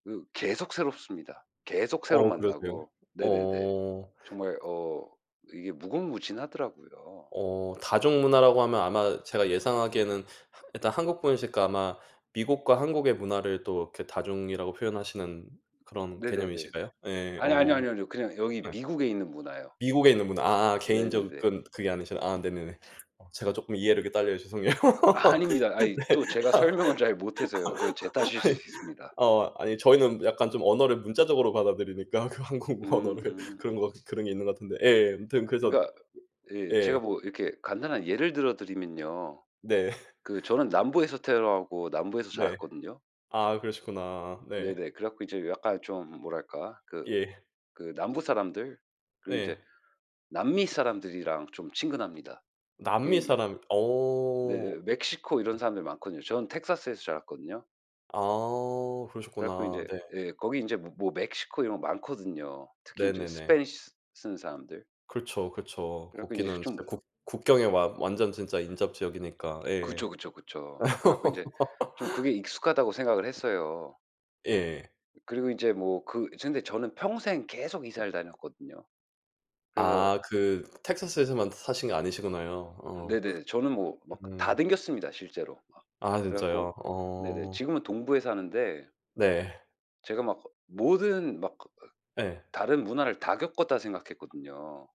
그 계속 새롭습니다. 계속 새로 어 그러세요? 만나고 네네네. 어. 정말 어 이게 무궁무진하더라고요. 어 다중문화라고 하면 아마 제가 예상하기에는 하 일단 한국분이니시까 아마 미국과 한국의 문화를 또 이렇게 다중이라고 표현하시는 그런 네네네네. 개념이신가요? 예, 아뇨, 아뇨, 어. 아뇨, 아뇨. 그냥 여기 네. 미국에 있는 문화요. 미국에 있는 문화 아 개인 네네네. 접근 그게 아니시라 아 네네네. 어 제가 쪼끔 이해력이 딸려요. 죄송해요. 아닙니다. 아이 또 제가 설명을 잘 못해서요. 그 제 탓일 수 네. 있습니다. 어. 아니 저희는 약간 좀 언어를 문자적으로 받아들이니까 그 한국 음 언어를 음 그런 거 음. 같은 그런 게 있는 것 같은데 예. 아무튼 그래서 그러니까 예, 제가 예. 뭐 이렇게 간단한 예를 들어 드리면요. 네. 그 저는 남부에서 태어나고 남부에서 네. 자랐거든요. 아 그러셨구나. 네. 네네. 그래갖고 이제 약간 좀 뭐랄까 그 예. 그 남부 사람들 그리고 네. 인제 남미 사람들이랑 좀 친근합니다. 그 남미 이 사람. 어. 네. 멕시코 이런 네. 사람들 많거든요. 저는 텍사스에서 자랐거든요. 아. 그래 갖고 그러셨구나. 인제 네. 예. 거기 인제 뭐 뭐 멕시코 이런 거 많거든요. 특히 인제 네네네. 스페니시 쓰는 사람들. 그렇죠, 그렇죠. 그래 갖고 이제 거기는 좀 진짜 국 국경에 와 완전 진짜 인접지역이니까. 예. 그쵸, 그쵸, 그쵸. 그래갖고 인제 좀 그게 익숙하다고 생각을 했어요. 예. 그리고 인제 뭐 그 저는 근데 저는 평생 계속 이사를 다녔거든요. 그래서 아. 그 텍사스에서만 사신 게 아니시구나요. 어. 네네. 저는 뭐 막 다 음. 댕겼습니다, 실제로 막. 아 그래 진짜요? 갖고 네네. 어. 지금은 동부에 사는데 네. 제가 막 모든 막 그 어 예. '다른 문화를 다 겪었다.' 생각했거든요.